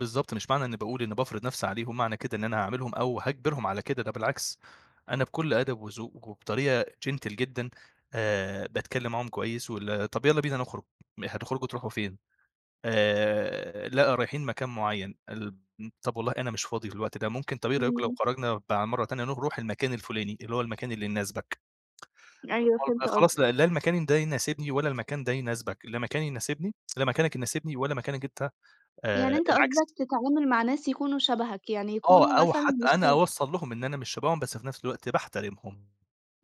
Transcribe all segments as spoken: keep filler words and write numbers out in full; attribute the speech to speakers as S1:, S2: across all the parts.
S1: بالضبط مش معنى إنّي باقول إنّي بافرض نَفْسي عليهم، معنى كده إن أنا هاعاملهم أو هاجبرهم على كده، ده بالعكس، أنا بكلّ أدب وذوق وبطريقة gentle جدًا، آآ باتكلّم معاهم كويّس وال طَب يلّا بينا نخرُج، م هتخرجوا تروحوا فين؟ آآ، لأ رايحين مكان معيّن الب م طَب والله أنا مش فاضي في الوقت ده، ممكن طَب إيه رأيكم لو
S2: إمم.
S1: خرَجنا بع مَرّة تانية نخ نروح المكان الفلاني، اللي هو المكان اللي يناسبك، طَب
S2: أيوه،
S1: [unintelligible] طَب
S2: فهمت
S1: خلاص
S2: قصدك.
S1: لأ، لا المكان ده يناسبني، ولا المكان ده يناسبك، لا مكاني يناسبني لا مكانك يناسبني ولا مكانك أنت
S2: يعني
S1: آآ،
S2: أنت
S1: العكس.
S2: قصدك تتعامل مع ناس يكونوا شبهك، يعني
S1: آه
S2: يكونوا
S1: أو
S2: مثلًا
S1: حتّى
S2: مش
S1: أنا
S2: ت
S1: أوصَّل لهم إن أنا من شَبههم، بس في نَفْس الوقت باحترمهم.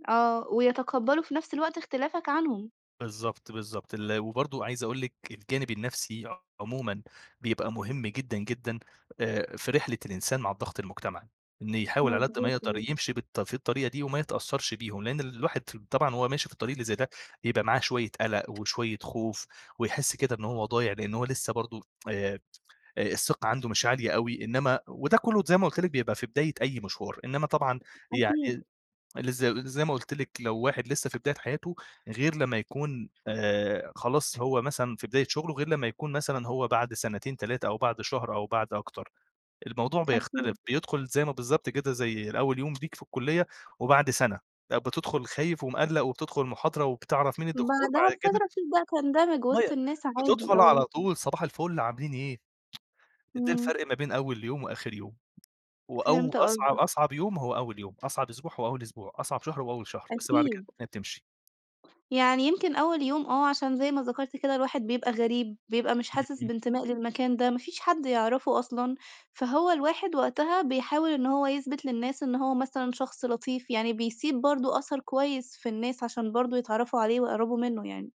S2: آه، ويتقبّلوا في نَفْس الوقت اختلافك عنهم.
S1: بالضبط، بالضبط ال وبرضه عايز أقول لِك الجانب النفْسي عمومًا بيبقى مهم جدًا، جدًا، آآ في رحلة الإنسان مع الضغط المجتمعي، إن يحاول على قد ما
S2: مضبوط.
S1: يقدَر
S2: [unintelligible]
S1: يمشي بالط في الطريقة دي وما يتأثّرش بيهم، لإن الواحد ف طبعًا وهو ماشي في الطريق اللي زي ده، بيبقى معاه شويّة قلق وشويّة خوف، ويحس كده إن هو ضايع لإن هو لسّه برضه آآ، آآ، الثقة عَنده مش عالية أوي، إنّما وده كلّه ت زي ما قُلت لِك بيبقى في بداية أي مشوار، إنّما طبعًا
S2: أكيد.
S1: يعني اللي ز زي ما قُلت لِك لو واحد لسّه في بداية حياته، غير لمّا يكون، آآ خلاص هو مثلًا في بداية شُغله، غير لمّا يكون مثلًا هو بَعد سنتين، تلاتة أو بَعد شهر أو بَعد أكتر، الموضوع بيختلف
S2: أكيد.
S1: بيدخُل زي ما بالضبط كده زي الأول يوم ليك في الكُلّية وبَعد سَنة، أ بتدخُل خايف ومقلَّق وبتدخُل المحاضرة وبتعرَف مين الدكتور،
S2: بعدها
S1: بَعد كده
S2: بفترة بتبدأ تندمج وسط
S1: [unintelligible]
S2: الناس عادي،
S1: بتدخُل
S2: آه.
S1: على طول، صباح الفل، عاملين إيه؟ ده
S2: إمم.
S1: الفرْق ما بين أول يوم وآخر يوم، وأو
S2: فهمت
S1: أصعب
S2: قصدك.
S1: أصعب يوم هو أول يوم، أصعب أسبوع هو أول أسبوع، أصعب شهر هو أول شهر، بس بعد كده
S2: أكيد.
S1: الدنيا بتمشي.
S2: يعني يمكن أول يوم، آه، عشان زي ما ذكرت كده الواحد بيبقى غريب، بيبقى مش
S1: إمم،
S2: حاسس
S1: إمم.
S2: بانتماء للمكان ده، ما فيش حد يعرَفه أصلًا، فهو الواحد وقتها بيحاول إن هو يثبت للناس إن هو مثلًا شخص لطيف، يعني بيسيب برضه أثَر كويّس في الناس عشان برضه يتعرّفوا عليه ويقربوا منّه يعني.